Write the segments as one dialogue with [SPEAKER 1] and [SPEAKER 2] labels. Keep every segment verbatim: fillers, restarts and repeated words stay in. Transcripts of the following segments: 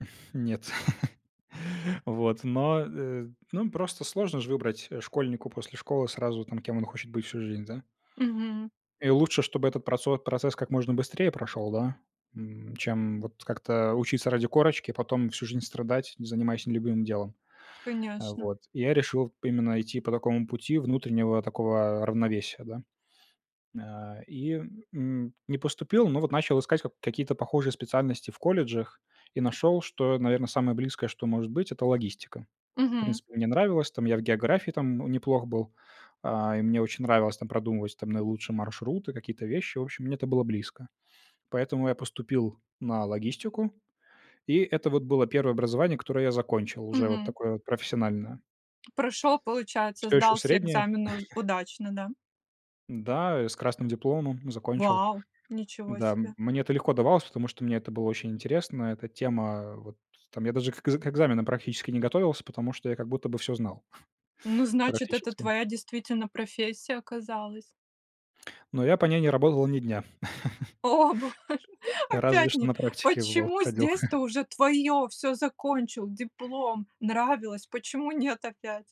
[SPEAKER 1] Нет. Вот, но, э, ну, просто сложно ж выбрать, э, школьнику после школы сразу там, кем он хочет быть всю жизнь, да?
[SPEAKER 2] Мгм.
[SPEAKER 1] И лучше, чтобы этот процо процесс как можно быстрее прошёл, да, м, чем вот как-то учиться ради корочки, потом всю жизнь страдать, занимаясь нелюбимым делом, э,
[SPEAKER 2] Конечно.
[SPEAKER 1] вот, и я решил именно идти по такому пути внутреннего такого равновесия, да. А, и, м, не поступил, но вот начал искать как какие-то похожие специальности в колледжах и нашёл, что, наверно, самое близкое, что может быть, это логистика. В
[SPEAKER 2] Мгм.
[SPEAKER 1] принципе, мне нравилось там, я в географии там неплох был, а, и мне очень нравилось там продумывать там наилучшие маршруты, какие-то вещи. В общем, мне это было близко. Поэтому я поступил на логистику, и это вот было первое образование, которое я закончил, уже вот
[SPEAKER 2] Мгм.
[SPEAKER 1] такое вот профессиональное.
[SPEAKER 2] Прошёл, получается,
[SPEAKER 1] Всё ещё
[SPEAKER 2] сдал все
[SPEAKER 1] среднее
[SPEAKER 2] экзамены уз удачно, да.
[SPEAKER 1] Да, я с красным дипломом закончил.
[SPEAKER 2] Вау, ничего
[SPEAKER 1] Да, м,
[SPEAKER 2] себе.
[SPEAKER 1] мне это легко давалось, потому что мне это было очень интересно. Эта тема вот, там я даже к к экзаменам практически не готовился, потому что я как будто бы всё знал.
[SPEAKER 2] Ну значит, это
[SPEAKER 1] Практически.
[SPEAKER 2] твоя действительно профессия оказалась.
[SPEAKER 1] Но я по ней не работал ни дня.
[SPEAKER 2] О, боже,
[SPEAKER 1] Разве
[SPEAKER 2] опять
[SPEAKER 1] что
[SPEAKER 2] не
[SPEAKER 1] на практике в лоу
[SPEAKER 2] почему?
[SPEAKER 1] ходил.
[SPEAKER 2] Здесь-то уже твоё, всё, закончил, диплом, нравилось, почему нет опять?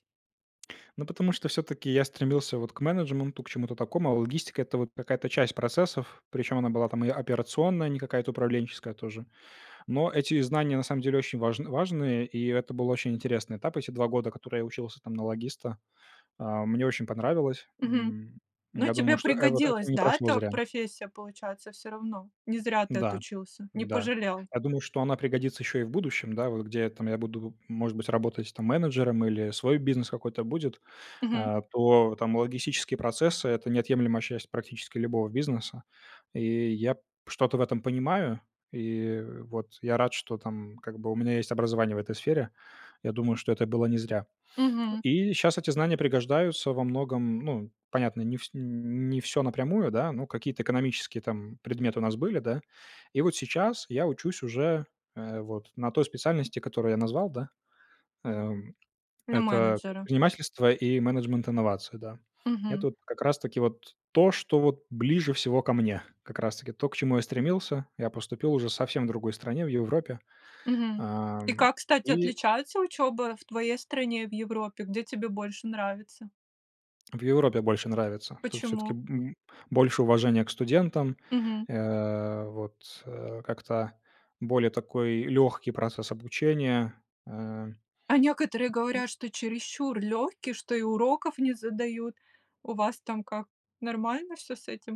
[SPEAKER 1] Ну, потому что всё-таки я стремился вот к менеджменту, к чему-то такому, а логистика- это вот какая-то часть процессов, причём она была там и операционная, не какая-то управленческая тоже, но эти знания на самом деле очень важн важные, и это был очень интересный этап. Эти два года, которые я учился там на логиста, а, мне очень понравилось.
[SPEAKER 2] Мгм.
[SPEAKER 1] М,
[SPEAKER 2] Ну
[SPEAKER 1] я думаю,
[SPEAKER 2] тебе
[SPEAKER 1] что э вот это
[SPEAKER 2] пригодилась,
[SPEAKER 1] не
[SPEAKER 2] да,
[SPEAKER 1] прошло
[SPEAKER 2] эта
[SPEAKER 1] зря.
[SPEAKER 2] профессия, получается, всё равно. Не зря ты
[SPEAKER 1] Да,
[SPEAKER 2] отучился, не
[SPEAKER 1] да,
[SPEAKER 2] пожалел.
[SPEAKER 1] я думаю, что она пригодится ещё и в будущем, да, вот где я там я буду, может быть, работать там менеджером или свой бизнес какой-то будет,
[SPEAKER 2] Мгм.
[SPEAKER 1] э, то там логистические процессы- это неотъемлемая часть практически любого бизнеса, и я п что-то в этом понимаю. И вот. Я рад, что там как бы у меня есть образование в этой сфере. Я думаю, что это было не зря.
[SPEAKER 2] Мгм.
[SPEAKER 1] И щас эти знания пригождаются во многом, ну, понятно, не вс не не всё напрямую, да, но какие-то экономические там предметы у нас были, да. И вот сейчас я учусь уже, э, вот на той специальности, которую я назвал, да, эм,
[SPEAKER 2] На
[SPEAKER 1] это
[SPEAKER 2] менеджера.
[SPEAKER 1] предпринимательство и менеджмент инновации, да,
[SPEAKER 2] Мгм.
[SPEAKER 1] это вот как раз таки вот то, что вот ближе всего ко мне, как раз таки то, к чему я стремился. Я поступил уже совсем в другой стране, в Европе,
[SPEAKER 2] Мгм. И
[SPEAKER 1] ам,
[SPEAKER 2] как, кстати,
[SPEAKER 1] и
[SPEAKER 2] отличается учёба в твоей стране и в Европе, где тебе больше нравится?
[SPEAKER 1] В Европе больше нравится. Тут всё-таки
[SPEAKER 2] Почему?
[SPEAKER 1] б больше уважения к студентам,
[SPEAKER 2] Мгм.
[SPEAKER 1] э, вот, э, как-то более такой лёгкий процесс обучения, э, м,
[SPEAKER 2] А некоторые
[SPEAKER 1] м
[SPEAKER 2] говорят, что чересчур лёгкий, что и уроков не задают. У вас там как, нормально всё с этим?